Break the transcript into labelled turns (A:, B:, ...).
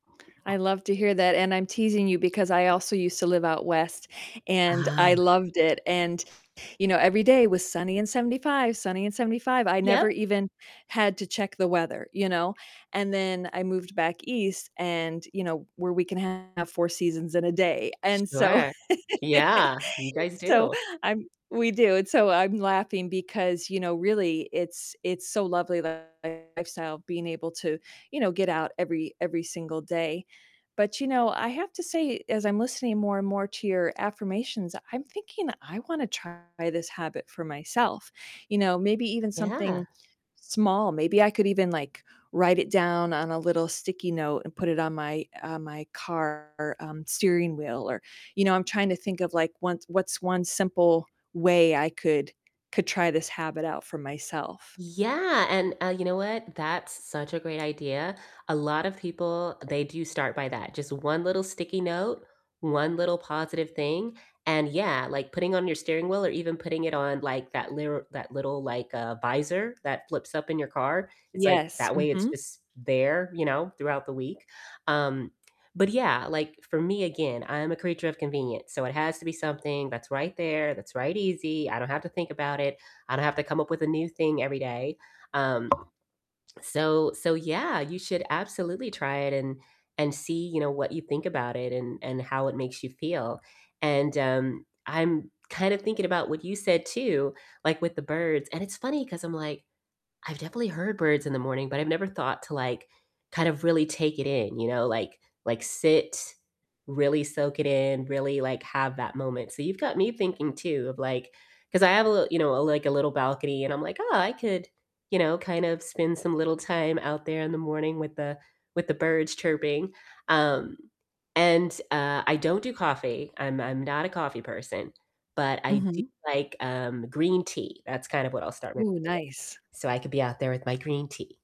A: I love to hear that, and I'm teasing you because I also used to live out west and
B: Ah.
A: I loved it, and, you know, every day was sunny and 75, sunny and 75, I never
B: Yep.
A: even had to check the weather, you know, and then I moved back east and you know, where we can have 4 seasons in a day, and so
B: Sure. Yeah, you guys
A: so
B: do.
A: I'm we do, and so I'm laughing because, you know, really it's it's so lovely, that lifestyle, being able to, you know, get out every every single day, but, you know, I have to say, as I'm listening more and more to your affirmations, I'm thinking I wanna try this habit for myself, you know, maybe even
B: Yeah.
A: something small, maybe I could even, like, write it down on a little sticky note and put it on my uh, my car, um, steering wheel or you know, I'm trying to think of, like, one what's 1 simple way I could could try this habit out for myself.
B: Yeah, and, uh, you know what, that's such a great idea, a lot of people, they do start by that, just 1 little sticky note, 1 little positive thing, and yeah, like, putting on your steering wheel or even putting it on, like, that lir that little, like, uh, visor that flips up in your car, it's like,
A: Yes,
B: that way it's
A: mhm.
B: just there, you know, throughout the week, um, but yeah, like, for me, again, I am a creature of convenience, so it has to be something that's right there, that's right easy, I don't have to think about it, I don't have to come up with a new thing every day, um, so so yeah, you should absolutely try it and and see, you know, what you think about it and and how it makes you feel, and, um, I'm kinda thinking about what you said too, like, with the birds and it's funny 'cause I'm like, I've definitely heard birds in the morning, but I've never thought to, like, kind of really take it in, you know, like like sit, really soak it in, really, like, have that moment, so you've got me thinking too of, like 'Cause I have a little you know, like, a little balcony and I'm like, "Oh, I could, you know, kind of spend some little time out there in the morning with the with the birds chirping," um, and, uh, I don't do coffee, I'm I'm not a coffee person, but I do
A: Mhm.
B: like, um, green tea, that's kind of what I'll start my day
A: Ooh, nice.
B: with, so I could be out there with my green tea.